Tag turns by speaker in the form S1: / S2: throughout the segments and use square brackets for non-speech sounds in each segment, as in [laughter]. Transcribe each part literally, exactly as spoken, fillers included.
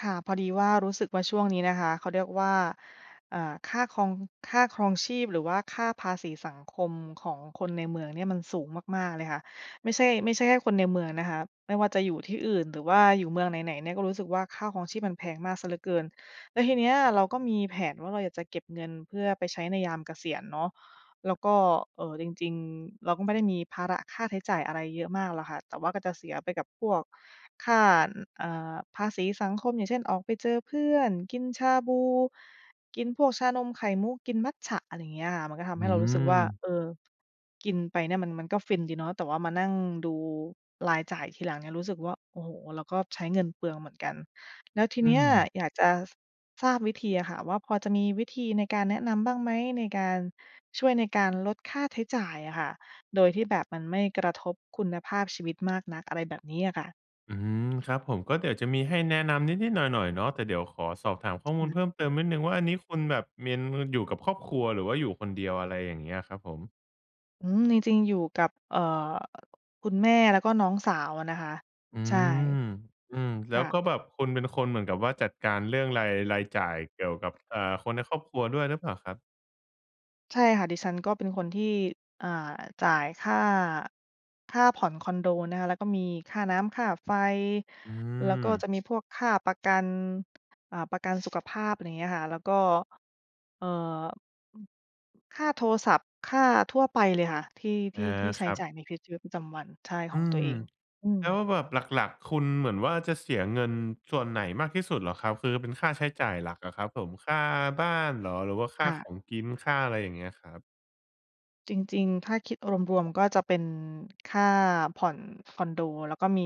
S1: ค่ะ พอดีว่ารู้สึกว่าช่วงนี้นะคะ เขาเรียกว่า อ่า ค่าคอง ค่าครองชีพ หรือว่าค่าภาษีสังคมของคนในเมืองเนี่ยมันสูงมาก ๆ เลยค่ะ ไม่ใช่ ไม่ใช่แค่คนในเมืองนะคะ ไม่ว่าจะอยู่ที่อื่น หรือว่าอยู่เมืองไหน ๆ เนี่ย ก็รู้สึกว่าค่าครองชีพมันแพงมากเสียเหลือเกิน แล้วทีเนี้ยเราก็มีแผนว่า เราอยากจะเก็บเงินเพื่อไปใช้ในยามเกษียณเนาะ แล้วก็ เอ่อ จริง ๆ เราก็ไม่ได้มีภาระค่าใช้จ่ายอะไรเยอะมากหรอกค่ะ แต่ว่าก็จะเสียไปกับพวกค่า น เอ่อ ภาษีสังคม อย่างเช่น ออกไปเจอเพื่อน กินชาบู กินพวกชานมไข่มุก กินมัตจะ อะไรอย่างเงี้ยค่ะ มันก็ทำ
S2: อ
S1: ใ
S2: ื
S1: ห้เรารู้สึกว่า
S2: ม
S1: เออ กินไปเนี่ยมัน มันก็ฟินดีเนาะ แต่ว่ามานั่งดูรายจ่ายทีหลังเนี่ย รู้สึกว่า โอ้โฮ! เราก็ใช้เงินเปลืองเหมือนกัน แล้วที
S2: อื
S1: เนี้ย
S2: ม
S1: อยากจะ ส ทราบวิธีอะค่ะว่า พอจะมีวิธีในการแนะนำบ้างไหม? ในการ ช่วยในการลดค่าใช้จ่ายอะค่ะ โดยที่แบบมันไม่กระทบคุณภาพชีวิตมากนัก อะไรแบบนี้อะค่ะ
S2: อืม ครับผม ก็เดี๋ยวจะมีให้แนะนำนิด ๆ หน่อย ๆ เนาะ แต่เดี๋ยวขอสอบถามข้อมูล
S1: อือ
S2: เพิ่มเติมนิดหนึ่งว่า อันนี้คุณแบบเมียนมือ อยู่กับครอบครัวหรือว่าอยู่คนเดียว? อะไรอย่างเงี้ย ครับผม
S1: อืม จริง ๆ อยู่กับ เอ่อ คุณแม่แล้วก็น้องสาวอะนะคะ
S2: อื
S1: ใช่
S2: ม อือ แ
S1: ค
S2: ล้
S1: ่
S2: ว
S1: ะ
S2: ก็แบบคุณเป็นคนเหมือนกับว่า จัดการเรื่องราย รายจ่ายเกี่ยวกับ เอ่อ คนในครอบครัวด้วยรึเปล่าครับ?
S1: ใช่ค่ะ ดิฉันก็เป็นคนที่ อ่า จ่ายค่า ค่าผ่อนคอนโดนะคะ แล้วก็มีค่าน้ำ ค่าไฟ
S2: อื
S1: แล้วก็
S2: อ
S1: จะมีพวกค่าประกัน อ่า ประกันสุขภาพ อะไรเงี้ยค่ะ แล้วก็ เอ่อ อืม ค่าโทรศัพท์ ค่าทั่วไปเลยค่ะ ที่ ท
S2: อา
S1: ี่ ที่ใช
S2: ค
S1: ้
S2: รับ
S1: จ่ายในวิด ชีวิตประจำวัน ใช่ ข
S2: อื
S1: องตัว
S2: ม
S1: เอง อื
S2: แล้ว
S1: ม
S2: แบบหลัก ๆ คุณเหมือนว่า จะเสียเงินส่วนไหนมากที่สุดเหรอครับ? คือเป็นค่าใช้จ่ายหลักอะครับผม ค่าบ้านเหรอ? หรือว่าค่
S1: ค
S2: า
S1: ่ะ
S2: ของกิน ค่าอะไร อย่างเงี้ยครับ
S1: จริง ๆ ถ้าคิดรวม ๆ ก็จะเป็นค่าผ่อนคอนโด แล้วก็มี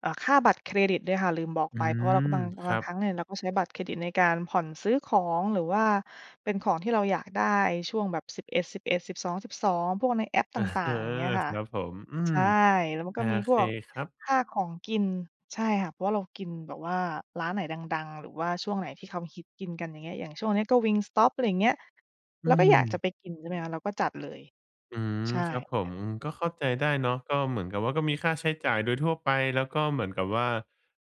S1: เอ่อ ค่าบัตรเครดิตด้วยค่ะลืมบอก
S2: อื
S1: ไป เพราะว่าเราก็
S2: ม
S1: บาง
S2: ค
S1: บ
S2: ร
S1: า
S2: ั
S1: งค
S2: บ
S1: รั้งเนี่ยเราก็ใช้บัตรเครดิตในการผ่อนซื้อของ หรือว่าเป็นของที่เราอยากได้ช่วงแบบ สิบเอ็ดสิบเอ็ด สิบสองสิบสอง พวกในแอปต
S2: อะ
S1: ่า
S2: เอ
S1: ง
S2: อ
S1: ๆ อะไรอย่างเงี้ยค
S2: ค
S1: ่ะ
S2: รับผม อื
S1: ใช
S2: ม
S1: ่ แล้วมัน
S2: โอ
S1: ก็มีพ
S2: เค
S1: วก
S2: ครับ
S1: ค่าของกิน ใช่ค่ะ เพราะว่าเรากินแบบว่าร้านไหนดัง ๆ หรือว่าช่วงไหนที่เขาฮิตกินกัน อย่างเงี้ย อย่างช่วงเนี้ยก็ Wingstop อะไรอย่างเงี้ย
S2: อ
S1: เ
S2: ื
S1: ราก็อยากจะ
S2: ม
S1: ไปกินใช่ไหมคะ เราก็จัดเลย
S2: อืม
S1: ใช่
S2: ครับผ
S1: ค
S2: ม
S1: ่ะ
S2: ก็เข้าใจได้เนาะ ก็เหมือนกับว่า ก็มีค่าใช้จ่ายโดยทั่วไป แล้วก็เหมือนกับว่า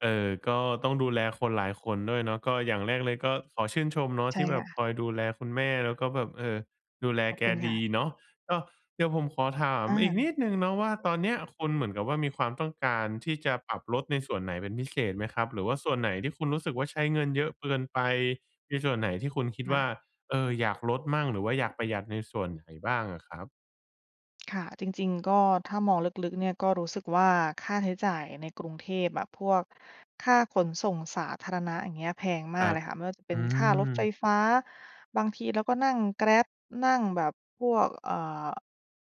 S2: เอ่อ ก็ต้องดูแลคนหลายคนด้วยเนาะ ก็อย่างแรกเลยก็ขอชื่นชมเนาะ
S1: ใช
S2: ท
S1: ่
S2: ี่แบ
S1: ค่
S2: บค
S1: ะ
S2: อยดูแลคุณแม่ แล้วก็แบบ เออ ดูแล
S1: ขอบ
S2: แก
S1: คุณค
S2: ด
S1: ่
S2: ี
S1: ะ
S2: เนาะ ก็ เดี๋ยวผมขอถาม
S1: อ
S2: อีกนิ
S1: า
S2: ดหนึ่งเนาะว่า ตอนเนี้ยคุณเหมือนกับว่า มีความต้องการที่จะปรับลดในส่วนไหนเป็นพิเศษไหมครับ? หรือว่าส่วนไหนที่คุณรู้สึกว่า ใช้เงินเยอะเกินไป มีส่วนไหนที่คุณคิด
S1: ค่
S2: ว
S1: ะ
S2: ่า เออ อยากลดมั่ง หรือว่าอยากประหยัดในส่วนไหนบ้างอะครับ?
S1: ค่ะ จริง ๆ ก็ถ้ามองลึก ๆ เนี่ยก็รู้สึกว่า ค่าใช้จ่ายในกรุงเทพอะ พวกค่าขนส่งสาธารณะ อย่างเงี้ยแพงม
S2: ค
S1: า
S2: ร
S1: ก
S2: ั
S1: เ
S2: บ
S1: ลยค่ะ ไม่ว่าจะเป
S2: อ
S1: ็
S2: ื
S1: นค่ารถไฟ
S2: ม
S1: ฟ้า บางทีเราก็นั่ง Grab นั่งแบบพวก เอ่อ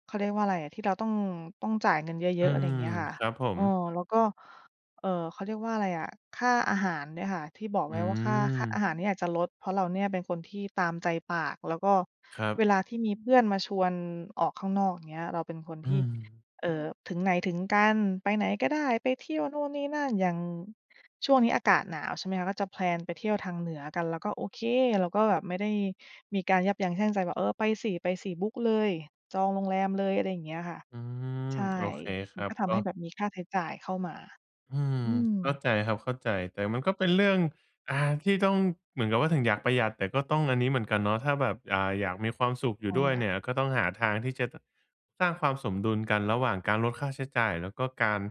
S1: เขาเรียกว่าอะไรอะ ที่เราต้อง ต้องจ่ายเงินเย
S2: อื
S1: อะ ๆ อะไรอย
S2: ม
S1: ่างเงี้ยค่ะ
S2: ครับผ
S1: เอ
S2: ม
S1: อ แล้วก็ เอ่อ เขาเรียกว่าอะไรอะ ค่าอาหารเนี่ยค่ะ ที่บอก
S2: อ
S1: ไ
S2: ื
S1: ว้ว่า ค่า ค่าอ
S2: ม
S1: าหารเนี่ยอาจจะลด เพราะเราเนี่ยเป็นคนที่ตามใจปาก แล้วก็
S2: ครั
S1: เ
S2: บ
S1: วลาที่มีเพื่อนมาชวนออกข้างนอก อย่างเงี้ย เราเป็นคน
S2: อื
S1: ที่
S2: ม
S1: เอ่อ ถึงไหนถึงกัน ไปไหนก็ได้ ไปเที่ยวนู่นนี่นั่น อย่าง ช่วงนี้อากาศหนาวใช่ไหมคะ ก็จะ แพลน ไปเที่ยวทางเหนือกัน เราก็โอเค เราก็แบบไม่ได้มีการยับยั้งชั่งใจ แบบ "เออ ไปสิ ไปสิบุ๊กเลย จองโรงแรมเลย" อะไรอย่างเงี้ยค่ะ
S2: อืม
S1: ใช่
S2: โอเคค
S1: มั
S2: ร
S1: น
S2: ั
S1: ก
S2: บ
S1: ็ท
S2: ก
S1: ำ
S2: ็
S1: ให้แบบมีค่าใช้จ่ายเข้ามา
S2: อืม
S1: อื
S2: เข้า
S1: ม
S2: ใจครับ เข้าใจ แต่มันก็เป็นเรื่อง อ่า ที่ต้อง เหมือนกับว่าถึงอยากประหยัด แต่ก็ต้องอันนี้เหมือนกันเนาะ ถ้าแบบ อ่า อยากมีความสุขอย
S1: ใ
S2: ู
S1: ช
S2: ่
S1: ่
S2: ด้วย
S1: ค่ะ
S2: เนี่ย ก็ต้องหาทางที่จะ ต สร้างความสมดุลกัน ระหว่างการลดค่าใช้จ่าย แล้วก็การ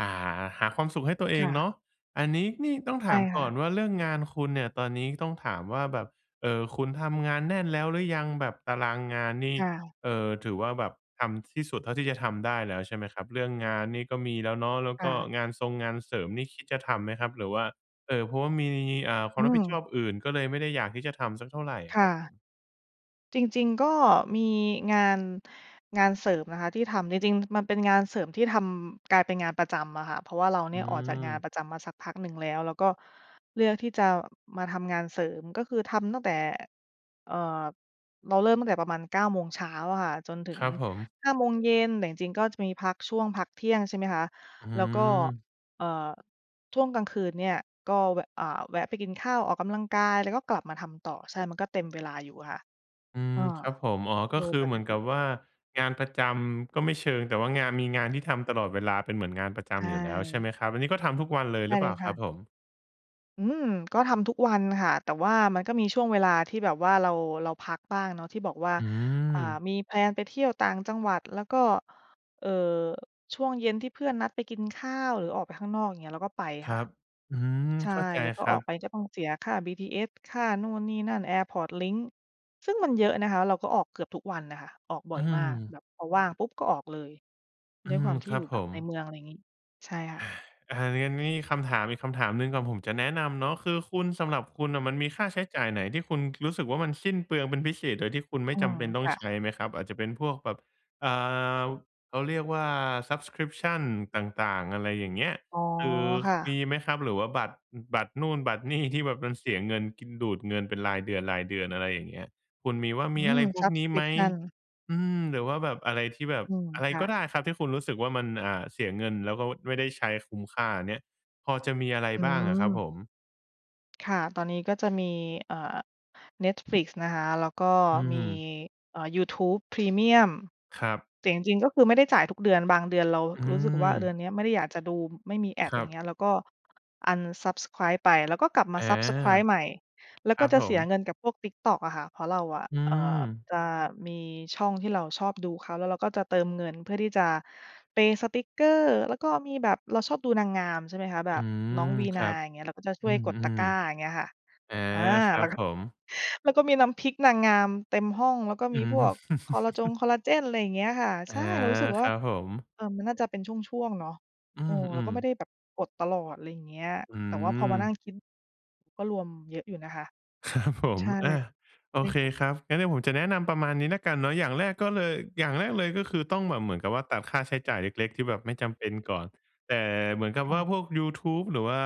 S2: อ่า หาความสุขให้ตัวเอ
S1: ค
S2: ง
S1: ่
S2: เ
S1: ะ
S2: นาะ อันนี้นี่ต้อง
S1: ใ
S2: ถ
S1: ช่
S2: าม
S1: ค
S2: ก
S1: ่
S2: ่อ
S1: ะ
S2: นว่า เรื่องงานคุณเนี่ย ตอนนี้ต้องถามว่า แบบ เอ่อ คุณทำงานแน่นแล้วหรือยัง? แบบตารางงานนี่
S1: ค่ะ
S2: เอ่อ ถือว่าแบบทำที่สุดเท่าที่จะทำได้แล้วใช่ไหมครับ? เรื่องงานนี่ก็มีแล้วเนาะ แล้ว
S1: ค
S2: ก
S1: ่
S2: ็
S1: ะ
S2: งานทรง งานเสริมนี่คิดจะทำไหมครับ? หรือว่า เอ่อ เพราะว่ามี อ่า ควา
S1: อื
S2: มรับผิดช
S1: ม
S2: อบอื่น ก็เลยไม่ได้อยากที่จะทำสักเท่าไรอ
S1: ค
S2: ะค
S1: ่
S2: รับผ
S1: ะ
S2: ม?
S1: จริง ๆ ก็มีงาน งานเสริมนะคะที่ทำ จริง ๆ มันเป็นงานเสริมที่ทำ กลายเป็นงานประจำอะค่ะ เพราะว่าเรา
S2: อ
S1: เ
S2: ื
S1: นี่ย ออกจากงาน
S2: ม
S1: ประจำมาสักพักหนึ่งแล้ว แล้วก็เลือกที่จะมาทำงานเสริม ก็คือทำตั้งแต่ เอ่อ เราเริ่มตั้งแต่ประมาณ เก้า โมงเช้าอะค่ะ จนถึ
S2: คร
S1: ง
S2: ับผม
S1: ห้า โมงเย็น แต่จริง ๆ ก็จะมีพักช่วงพักเที่ยงใช่ไหมคะ
S2: อื
S1: แล้วก็
S2: อ
S1: เอ่อ ช่วงกลางคืนเนี่ย ก็แวะ อ่า แวะไปกินข้าว ออกกำลังกาย แล้วก็กลับมาทำต่อ ใช่ มันก็เต็มเวลาอยู่อะค่ะ
S2: อื
S1: เ
S2: ม
S1: ออ
S2: ครับผม อ๋อ ก
S1: โ
S2: ็
S1: ดย
S2: คือ
S1: ป
S2: เหม
S1: ก
S2: ือน
S1: ต
S2: ก
S1: ิ
S2: ับว่า งานประจำก็ไม่เชิง แต่ว่างาน มีงานที่ทำตลอดเวลา เป็นเหมือนงานประจ
S1: ใช
S2: ำอยู่แล้วใช่ไห
S1: ่
S2: มครับ? อันนี้ก็ทำทุกวันเลย
S1: ไ
S2: ห
S1: ด
S2: ร
S1: ้
S2: ือเป
S1: เล
S2: ล่า
S1: ยค
S2: ครั
S1: ่
S2: บ
S1: ะ
S2: ผม?
S1: อืม ก็ทำทุกวันค่ะ แต่ว่ามันก็มีช่วงเวลาที่แบบว่าเรา เราพักบ้างเนาะ ที่บอกว่า
S2: อื
S1: อ่า
S2: อ
S1: มี แพลน ไปเที่ยวต่างจังหวัด แล้วก็ เอ่อ ช่วงเย็นที่เพื่อนนัดไปกินข้าว หรือออกไปข้างนอก อย่างเงี้ย เราก็ไป
S2: คร
S1: ค่
S2: ั
S1: ะ
S2: บ อืม
S1: ใช่
S2: เข้าใจ
S1: แล้วก็
S2: ครั
S1: ออ
S2: บ
S1: กไปก็ต้องเสียค่า BTS ค่านู่นนี่นั่น แอร์พอร์ตลิงก์ ซึ่งมันเยอะนะคะ เราก็ออกเกือบทุกวันอะค่ะ ออกบ่
S2: อื
S1: อยมาก
S2: ม
S1: แบบพอว่างปุ๊บก็ออกเลย
S2: อื
S1: ด้วยค
S2: ม
S1: วามที
S2: ค
S1: ่
S2: รั
S1: อยู
S2: บ
S1: ่
S2: ผ
S1: แบบใน
S2: ม
S1: เมือง อะไรงี้ ใช่ค่
S2: อ
S1: ะ
S2: า อันนี้ อันนี้คำถามอีกคำถามหนึ่งก่อนผมจะแนะนำเนาะ คือคุณ สำหรับคุณน่ะ มันมีค่าใช้จ่ายไหนที่คุณ รู้สึกว่า มันสิ้นเปลืองเป็นพิเศษ โดยที่คุณไม
S1: อ
S2: ่
S1: ื
S2: จำ
S1: อ
S2: เป็นต้อ
S1: ค
S2: ง
S1: ่
S2: ใช
S1: ะ
S2: ้ไหมครับ? อาจจะเป็นพวกแบบ อ่า ว เขาเรียกว่า subscription ต่าง ๆ อะไรอย่างเงี้ย
S1: อ๋อ
S2: คือ
S1: ค่
S2: ม
S1: ะ
S2: ีไหมครับ? หรือว่าบัตร อ บัตรนู่น บัตร นี่ ที่แบบมันเสียเงิน กิน ดูดเงินเป็นรายเดือน ๆ อะไรอย่างเงี้ย คุณมีว่า
S1: อ
S2: ม
S1: ื
S2: ีอะไร
S1: อ
S2: พวกนี้ไหม?
S1: subscription
S2: อืม หรือว่าแบบอะไรที่แบบ
S1: อืม
S2: อะไร
S1: ค่
S2: ก็
S1: ะ
S2: ได้ครับที่คุณรู้สึกว่า มัน อ่า เสียเงิน แล้วก็ ว ไม่ได้ใช้คุ้มค่าเนี้ย พอจะมีอะไร
S1: อื
S2: บ้างอะครับ
S1: ม
S2: ผม?
S1: ค่ะ ตอนนี้ก็จะมี อ่า Netflix นะคะ แล้วก็
S2: อื้อ
S1: ม
S2: ฮื
S1: ี
S2: อ
S1: อ่า Youtube premium
S2: ครับ
S1: แต่จริง ๆ ก็คือไม่ได้จ่ายทุกเดือน บางเดือนเรา
S2: อื
S1: รู้สึกว่าเดือ
S2: ม
S1: นเนี้ยไม่ได้อยากจะดูไม่มี
S2: ค
S1: ads
S2: ร
S1: อ
S2: ั
S1: ย่า
S2: บ
S1: งเงี้ย แล้วก็ unsubscribe ไป แล้วก็กลับม
S2: อ
S1: า
S2: า
S1: ซับสไกรบ์ ใหม่ แล้
S2: ค
S1: ว
S2: ร
S1: ก็
S2: ับ
S1: จะ
S2: ผ
S1: เสีย
S2: ม
S1: เงินกับพวก TikTok อะค่ะ เพราะเราอะ
S2: อื
S1: เอ่อ
S2: ม
S1: จะมีช่องที่เราชอบดูเขา แล้วเราก็จะเติมเงินเพื่อที่จะเพย์สติกเกอร์ แล้วก็มีแบบ เราชอบดูนางงาม ใช่ไหมคะ แบ
S2: อื
S1: บน้อ
S2: ม
S1: งวี
S2: ค
S1: นา
S2: รับ
S1: อย่างเงี้ย เราก็จะช
S2: อ
S1: ่
S2: ื
S1: วยกดตะ
S2: ม
S1: กร้าอย่างเงี้ยค่ะ
S2: ๆ อา
S1: อา
S2: ครั
S1: แล้
S2: บ
S1: วก็
S2: ผม
S1: แล้วก็มีน้ำพริกนางงาม เต็มห้อง แล้วก็
S2: อ
S1: ม
S2: ื
S1: ีพว
S2: ม
S1: กคอลลาจง
S2: [chuckles]
S1: คอลลาเจน อะไรอย่างเงี้ยค่ะ
S2: อ
S1: ใ
S2: า
S1: ช่ เรารู้สึกว
S2: ค
S1: ่า
S2: รับผม
S1: เออ มันน่าจะเป็นช่วง ๆ เนาะ
S2: อื
S1: เออ เราก
S2: ม
S1: ็ไม่
S2: ๆ
S1: ได้แบบกดตลอด อะไรอย่างเงี้ย
S2: อื
S1: แต่ว่าพอมานั่
S2: ม
S1: งคิด ก็รวมเยอะอยู่นะคะ
S2: ครับผ
S1: ใ
S2: ม
S1: ช่
S2: อะ โ
S1: ใ
S2: อ
S1: ช่
S2: เค
S1: ค่ะ
S2: ครับ งั้นเดี๋ยวผมจะแนะนำประมาณนี้แล้วกันเนาะ อย่างแรกก็เลย อย่างแรกเลย ก็คือต้องแบบเหมือนกับว่าตัดค่าใช้จ่ายเล็ก ๆ ที่แบบไม่จำเป็นก่อน แต่เหมือนกับ
S1: ค่
S2: ว
S1: ะ
S2: ่าพวกยูทูบหรือว่า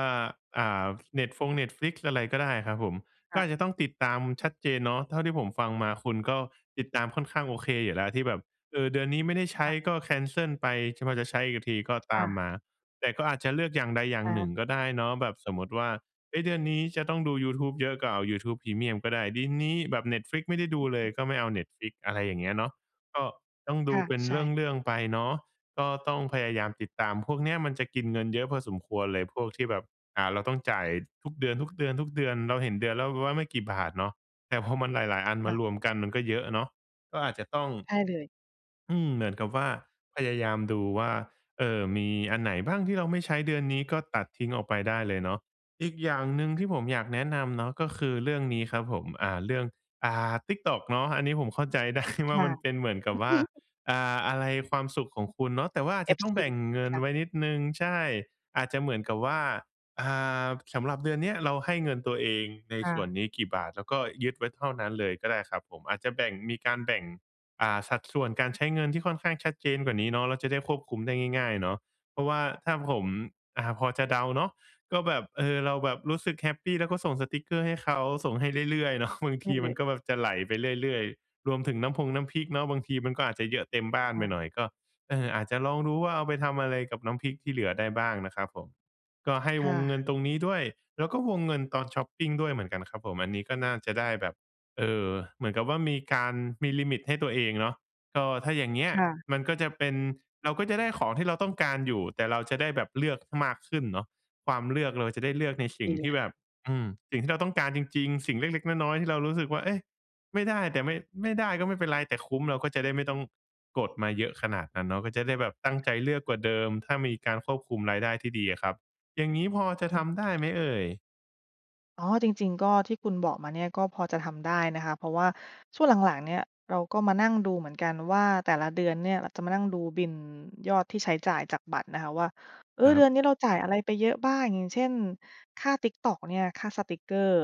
S2: อ่า เน็ตฟง Netflix อะไรก็ได้ครับผม
S1: ค
S2: ก็
S1: ่ะ
S2: อาจจะต้องติดตามชัดเจนเนาะ เท่าที่ผมฟังมาคุณก็ติดตามค่อนข้างโอเคอยู่แล้วที่แบบ เออ เดือนนี้ไม่ได้ใช้
S1: ค่ะ
S2: ก็ แคนเซิล ไป จ พอจะใช้อีกทีก็
S1: ค
S2: ต
S1: ่
S2: าม
S1: ะ
S2: มา แต่ก็อาจจะเลือกอย่างใดอย่าง
S1: อ
S2: หนึ
S1: า
S2: ่งก็ได้เนาะแบบสมมุติว่า เฮ้ย เดือนนี้จะต้องดู Youtube เยอะ ก็เอา Youtube premium ก็ได้ ดินนี้แบบ Netflix ไม่ได้ดู
S1: อ
S2: เล
S1: อื
S2: ย
S1: อ
S2: ก็ไม่เอา Netflix อะไรอย่างเงี้ยเนาะ ก็ต้องด
S1: ค
S2: ู
S1: ่ะ
S2: เป็น
S1: ใช
S2: เร
S1: ่
S2: ื่อง ๆ ไปเนาะก็ต้องพยายามติดตาม พวกเนี้ยมันจะกินเงินเยอะพอสมควรเลย พวกที่แบบ อ่า เราต้องจ่ายทุกเดือน ๆ ๆ เราเห็นเดือนแล้ว เราว่าไม่กี่บาทเนาะ แต่พอมันหลาย ๆ อันม
S1: ค
S2: า
S1: ่ะ
S2: รวมกันมันก็เยอะเนาะ ก็อาจจะต้อง
S1: ใช่เลย
S2: อืม เหมือนกับว่าพยายามดูว่า เอ่อ มีอันไหนบ้างที่เราไม่ใช้เดือนนี้ ก็ตัดทิ้งออกไปได้เลยเนาะ อีกอย่างหนึ่งที่ผมอยากแนะนำเนาะ ก็คือเรื่องนี้ครับผม อ่า เรื่อง อ่า TikTok เนาะ อันนี้ผมเข้าใจ ได้
S1: ค
S2: ว่า
S1: ่ะ
S2: มันเป็นเหมือนกับว่า
S1: [chuckles]
S2: อ่า อะไรความสุขของคุณเนาะ แต่ว่าอา
S1: เ
S2: จ
S1: อ
S2: จะ
S1: ฟ
S2: ต้อ
S1: ซ
S2: งแ
S1: ี
S2: บ่งเงิ
S1: ค
S2: น
S1: ่ะ
S2: ไว้นิดหนึ่ง ใช่ อาจจะเหมือนกับว่า อ่า สำหรับเดือนเนี้ยเราให้เงินตัวเอง ใน
S1: ค่
S2: ส่วน
S1: ะ
S2: นี้กี่บาท แล้วก็ยึดไว้เท่านั้นเลยก็ได้ครับผม อาจจะแบ่ง มีการแบ่ง อ่า สัดส่วนการใช้เงินที่ค่อนข้างชัดเจนกว่านี้เนาะ แล้วจะได้ควบคุมได้ง่าย ๆ เนาะ เพราะว่าถ้าผม อ่า พอจะเดาเนาะก็แบบ เออ เราแบบรู้สึกแฮปปี แล้วก็ส่งสติกเกอร์ให้เขา ส่งให้เรื่อย ๆ เนาะ บาง
S1: ใ
S2: ท
S1: ช่
S2: ี
S1: เล
S2: มัน
S1: ย
S2: ก็แบบจะไหลไปเรื่อย ๆ รวมถึงน้ำพงน้ำพริกเนาะ บางทีมันก็อาจจะเยอะเต็มบ้าน
S1: ใช
S2: ไป
S1: ่
S2: หน่อย ก็ เออ อาจจะลองดูว่า เอาไปทำอะไรกับน้ำพริกที่เหลือได้บ้างนะครับผม ก็ให้
S1: ค
S2: ว
S1: ่
S2: งเงิน
S1: ะ
S2: ตรงนี้ด้วย แล้วก็วงเงินตอนช็อปปิงด้วยเหมือนกันครับผม อันนี้ก็น่าจะได้แบบ เอ่อ เหมือนกับว่ามีการ มีลิมิตให้ตัวเองเนาะ ก็ถ้าอย่างเงี้ย
S1: ค่ะ
S2: มันก็จะเป็น เราก็จะได้ของที่เราต้องการอยู่ แต่เราจะได้แบบเลือกมากขึ้นเนาะ ความเลือกเราจะได้เลือกในสิ
S1: ด
S2: ่
S1: ี
S2: ง
S1: แ
S2: ท
S1: ห
S2: ี่
S1: ละ
S2: แบบ อืม สิ่งที่เราต้องการจริง ๆ สิ่งเล็ก ๆ น้อย ๆ ที่เรารู้สึกว่า เอ๊ะ! ไม่ได้ แต่ไม่ ไม่ได้ก็ไม่เป็นไรแต่คุ้ม เราก็จะได้ไม่ต้องกดมาเยอะขนาดนั้นเนาะ ก็จะได้แบบตั้งใจเลือกกว่าเดิม ถ้ามีการควบคุมรายได้ที่ดีอะครับ อย่างงี้พอจะ
S1: อื
S2: ท
S1: ม
S2: ำได้ไหมเอ่ย?
S1: อ๋อ จริง ๆ ก็ที่คุณบอกมาเนี่ย ก็พอจะทำได้นะคะ เพราะว่าช่วงหลัง ๆ เนี่ยเราก็มานั่งดูเหมือนกันว่า แต่ละเดือนเนี่ย เราจะมานั่งดูบิลยอดที่ใช้จ่ายจากบัตรนะคะว่า เอ
S2: ค
S1: อ
S2: รั
S1: เดื
S2: บ
S1: อนนี้เราจ่ายอะไรไปเยอะบ้าง อย่างเช่น ค่า TikTok เนี่ย ค่าสติกเกอร์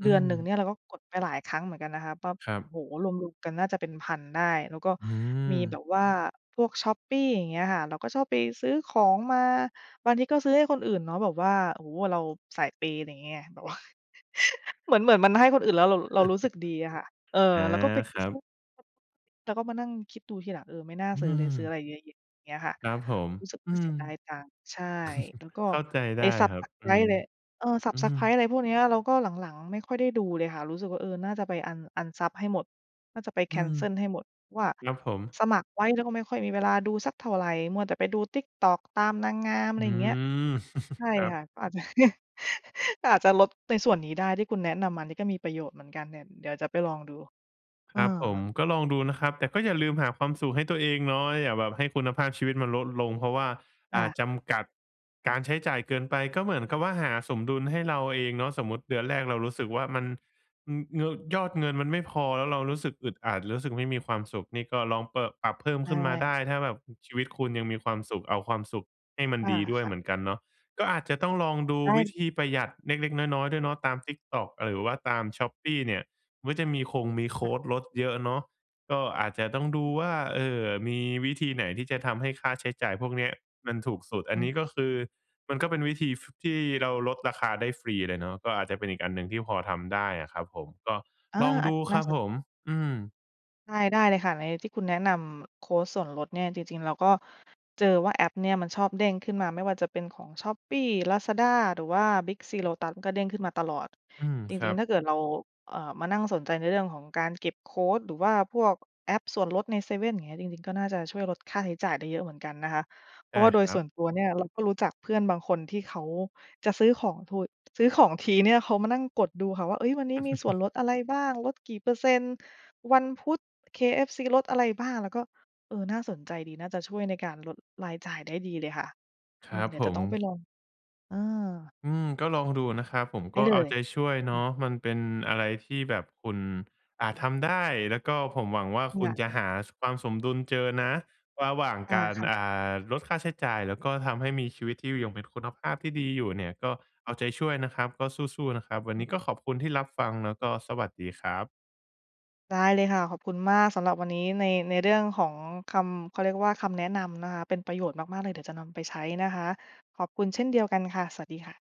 S2: อ
S1: เ
S2: ื
S1: ดือนหนึ่ง
S2: ม
S1: เนี่ยเราก็กดไปหลายครั้งเหมือนกันนะคะ ปั๊บ
S2: ครับ
S1: โอ้โฮ! รวม ๆ กันน่าจะเป็น พัน ได้ แล้วก็
S2: อื
S1: มีแบ
S2: ม
S1: บว่าพวกช้อปปี้ อย่างเงี้ยค่ะ เราก็ชอบไปซื้อของมา บางทีก็ซื้อให้คนอื่นเนาะ แบบว่า โอ้โฮ! เราสายเปย์ อะไรเงี้ยไง แบบว่า [laughs] เหมือน เหมือนมันให้คนอื่นแล้ว เรา เรารู้สึกดีอะค่ะ เอ
S2: [chuckles]
S1: อ
S2: อา
S1: แล้วก็ไป
S2: คร
S1: ช
S2: ั
S1: ็
S2: บ
S1: อป [unintelligible] แล้วก็มานั่งคิดดูทีหลัง เออ ไม่น่า
S2: อื
S1: ซื้อเลย ซื้ออะ
S2: ม
S1: ไรเยอะแยะ เงี้ยค่ะ
S2: ครับผม
S1: รู้สึก
S2: อ
S1: ว
S2: ื
S1: ่าเส
S2: ม
S1: ียดาย
S2: [chuckles]
S1: ตังค์ ใช่ แล้วก็
S2: เข้าใจได
S1: ไอ้
S2: ้
S1: ซั
S2: ค
S1: บ
S2: รับ
S1: สไ
S2: อ
S1: ก
S2: ื
S1: ร
S2: ม
S1: บ์ เระ เออ ซั
S2: อ
S1: บ
S2: ื
S1: ส
S2: ม
S1: ไกรบ์ อะไรพวกนี้อะ เราก็หลัง ๆ ไม่ค่อยได้ดูเลยค่ะ รู้สึกว่า เออ น่าจะไปอัน อันซับให้หมด น่าจะไปแ
S2: อ
S1: ค
S2: ื
S1: น
S2: ม
S1: เซิลให้หมดว่า
S2: รับผม
S1: สมัครไว้แล้วก็ไม่ค่อยมีเวลาดูสักเท่าไร มัวแต่ไปดู TikTok ตามนางงาม อ
S2: อ
S1: ะไ
S2: ื
S1: รอย่างเงี้ย
S2: ม
S1: ใช
S2: [chuckles]
S1: ่
S2: ครับ
S1: ค่ะ ก็อาจ [laughs] อาจจะลด ในส่วนนี้ได้ ที่คุณแนะนำอันนี้ก็มีประโยชน์เหมือนกัน แดะ เดี๋ยวจะไปลองดู
S2: ค
S1: เอ
S2: รับผม
S1: อ
S2: ก็ลองดูนะครับ แต่ก็อย่าลืมหาความสุขให้ตัวเองเนาะ อย่าแบบให้คุณภาพชีวิตมันลดลง เพราะว่า
S1: ค
S2: อ
S1: ่
S2: า
S1: ะ
S2: จำกัด การใช้จ่ายเกินไป ก็เหมือนกับว่าหาสมดุลให้เราเองเนาะ สมมุติเดือนแรกเรารู้สึกว่ามัน อือ เงอ ยอดเงินมันไม่พอ แล้วเรารู้สึกอึดอัด รู้สึกไม่มีความสุข นี่ก็ลองเปอะ ปรับเพิ่ม
S1: ใช
S2: ขึ้นมาได
S1: ่
S2: ้ ถ้าแบบ อ ชีวิตคุณยังมีความสุข เอาความสุขให้มัน
S1: อา
S2: ดีด้วย
S1: ค่
S2: เ
S1: ะ
S2: หมือนกันเนาะ ก็อาจจะต้องลองดู
S1: ได
S2: วิ
S1: ้
S2: ธีประหยัดเล็ก ๆ น้อย ๆ ด้วยเนาะ ตาม TikTok อ หรือว่าตามช้อปปี้เนี่ย มันจะมีคงมีโค
S1: ค่ะ
S2: ดลดเยอะเนาะ ก็อาจจะต้องดูว่า เออ มีวิธีไหนที่จะทำให้ค่าใช้จ่ายพวกนี้อะมันถูกสุด อ
S1: อ
S2: ัน
S1: ื
S2: นี้
S1: ม
S2: ก็คือ มันก็เป็นวิธี ฟ ที่เราลดราคาได้ฟรีเลยเนาะ ก็อาจจะเป็นอีกอันหนึ่งที่พอทำได้อะครับผม ก็
S1: อา
S2: ลอง
S1: อ
S2: ด
S1: าจ
S2: ู
S1: น
S2: ค
S1: ่
S2: ร
S1: า
S2: ับ
S1: ส
S2: ผ
S1: น
S2: ม อืม
S1: ได้ ได้เลยค่ะ ในที่คุณแนะนำโคดส่วนลดเนี่ย จริง ๆ เราก็เจอว่า แอปเนี่ยมันชอบเด้งขึ้นมา ไม่ว่าจะเป็นของ Shopee Lazada หรือว่า Big C Lotus ก็เด้งขึ้นมาตลอด
S2: อืม
S1: จ
S2: คร
S1: ริ
S2: ั
S1: ง
S2: บ
S1: ๆ ถ้าเกิดเรา เอ่อ มานั่งสนใจในเรื่องของการเก็บโคด หรือว่าพวกแอปส่วนลดในเซเว่นอย่างเงี้ย จริง ๆ ก็น่าจะช่วยลดค่าใช้จ่ายได้เยอะเหมือนกันนะคะ เพ
S2: ใ
S1: ร
S2: ช
S1: า
S2: ่
S1: ะว่าโด
S2: ค
S1: ย
S2: รั
S1: ส่
S2: บ
S1: วนตัวเนี่ยเราก็รู้จักเพื่อนบางคนที่เขาจะซื้อของพูด ซื้อของทีเนี่ยเขามานั่งกดดูค่ะว่า เฮ้ย วันนี้มีส่วน
S2: [chuckles]
S1: ลดอะไรบ้าง ลดกี่เปอร์เซ็นต์ วันพุธ KFC ลดอะไรบ้าง แล้วก็ เออ น่าสนใจดี น่าจะช่วยในการลดรายจ่ายได้ดีเลยค่ะ
S2: ค
S1: เออ
S2: รับ
S1: เดี๋ย
S2: ผ
S1: วจะ
S2: ม
S1: ต้องไปลอง เออ
S2: อืม ก็ลองดูนะครับ ผม
S1: ได
S2: ก
S1: ้
S2: ็
S1: เล
S2: เอา
S1: ย
S2: ใจช่วยเน
S1: อ
S2: า
S1: ืม
S2: ะ มันเป็นอะไรที่แบบคุณอาจทำได้ แล้วก็ผมหวังว่าคุ
S1: ค
S2: ณ
S1: ่ะ
S2: จะหา ส ความสมดุลเจอนะระหว่าง
S1: อา
S2: การ
S1: ค่ะ
S2: อ่า ลดค่าใช้จ่าย แล้วก็ทำให้มีชีวิต [unintelligible] เป็นคุณภาพที่ดีอยู่เนี่ย ก็เอาใจช่วยนะครับ ก็สู้ ๆ นะครับ วันนี้ก็ขอบคุณที่รับฟัง แล้วก็สวัสดีครับ
S1: ได้เลยค่ะ ขอบคุณมากสำหรับวันนี้ใน ในเรื่องของคำ เขาเรียกว่า คำแนะนำนะคะ เป็นประโยชน์มาก ๆ เลย เดี๋ยวจะนำไปใช้นะคะ ขอบคุณเช่นเดียวกันค่ะ สวัสดีค่ะ